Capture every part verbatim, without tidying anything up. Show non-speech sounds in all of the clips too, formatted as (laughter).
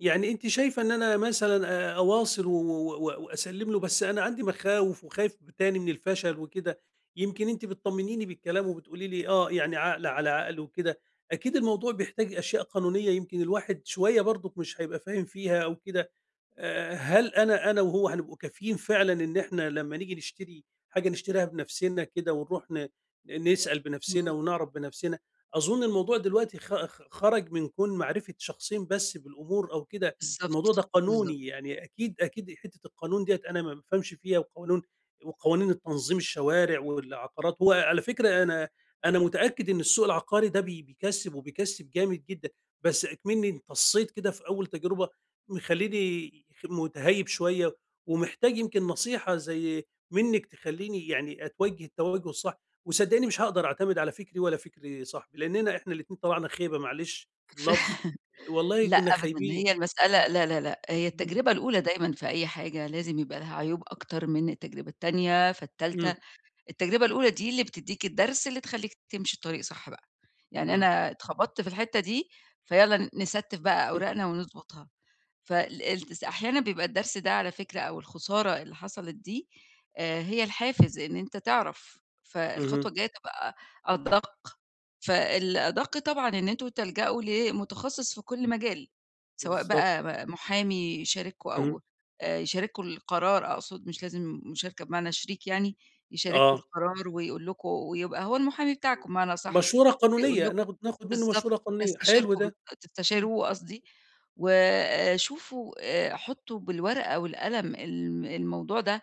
يعني أنتِ شايفة إن أنا مثلًا أ أواصل و و و وأسلّم له، بس أنا عندي مخاوف وخايف ب تاني من الفشل وكده، يمكن أنتِ بتطمنيني بالكلام وبتقولي لي: "آه" يعني عقل على عقل وكده، أكيد الموضوع بيحتاج أشياء قانونية يمكن الواحد شوَية برضُك مش هيبقى فاهم فيها أو كده، آآ هل أنا أنا وهو هنبقى كافِيين فعلًا إن إحنا لما نيّجي نشتري حاجة نشتريها بنفسنا كده ونروح ن ن نسأل امم. بنفسنا ونعرف بنفسنا؟ أظن الموضوع دلوقتي خ خ خرج من كون معرفة شخصين بس بالأمور أو كده، الموضوع بالضبط، ده بالضبط. قانوني يعني أكيد أكيد حتة القانون ديّة أنا ما بافهمش فيها قوانون وقوانين التنظيم، الشوارع والعقارات وعلى فكرة أنا أنا متأكد إن السوق العقاري ده بي بيكَسّب وبيكَسّب جامد جدًا، بس أكمِنّي انتصّيت كده في أول تجربة مخلّيني خ مُتَهيّب شوية ومحتاج يمكن نصيحة زي منِّك تخلّيني يعني أتوجه التوجه الصح، وصدّقيني مش هاقدر أعتمد على فكري ولا فكر صاحبي؛ لإننا إحنا الاتنين طلعنا خيبة معلش في اللفظ (chuckles) والله لأ كُنّا أبدًا، خايبين، هي المسألة لا لا لأ هي امم، اهم. التجربة الأولى دايمًا في أي حاجة لازم يبقى لها عيوب أكتر من التجربة التانية فالتالتة، امم. التجربة الأولى دي اللي بتدّيك الدرس اللي تخلّيك تمشي الطريق صح بقى، يعني اهم. أنا اتخبطت في الحتة دي فيالّا نستّف بقى (chuckles) أوراقنا ونضبطها فال الالتز أحيانًا بيبقى الدرس ده على فكرة أو الخسارة اللي حصلت دي آآ هي الحافز إن أنت تعرف، اهم. فالخطوة الجاية تبقى أدق، فالأدق طبعًا إن أنتم تلجأوا لمتخصص في كل مجال سواء بالضبط. بقى م محامي يشارككوا اهم. أو آآ يشارككوا القرار أقصد مش لازم مشاركة بمعنى شريك يعني يشارككوا آه. القرار ويقول لكم ويبقى هو المحامي بتاعكوا بمعنى أصح، مشورة هيقول قانونية، لكم ناخد ناخد منه بالضبط مشورة قانونية، حلو هيستشيركوا ده، امم. تستشيروه قصدي وشوفوا آآ حُطّوا بالورقة والقلم الم الموضوع ده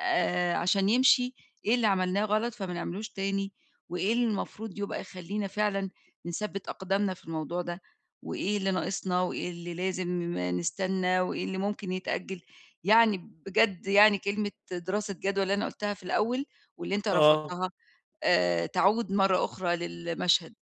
آآ عشان يمشي إيه اللي عملناه غلط فمنعملوش تاني؟ وإيه اللي المفروض يبقى يخلّينا فعلًا نثَبّت أقدامنا في الموضوع ده؟ وإيه اللي ناقصنا وإيه اللي لازم نستنى وإيه اللي ممكن يتأجل؟ يعني بجد يعني كلمة دراسة جدوى اللي أنا قُلتها في الأول واللي أنت آه. رفضتها آآ تعود مرة أخرى للمشهد.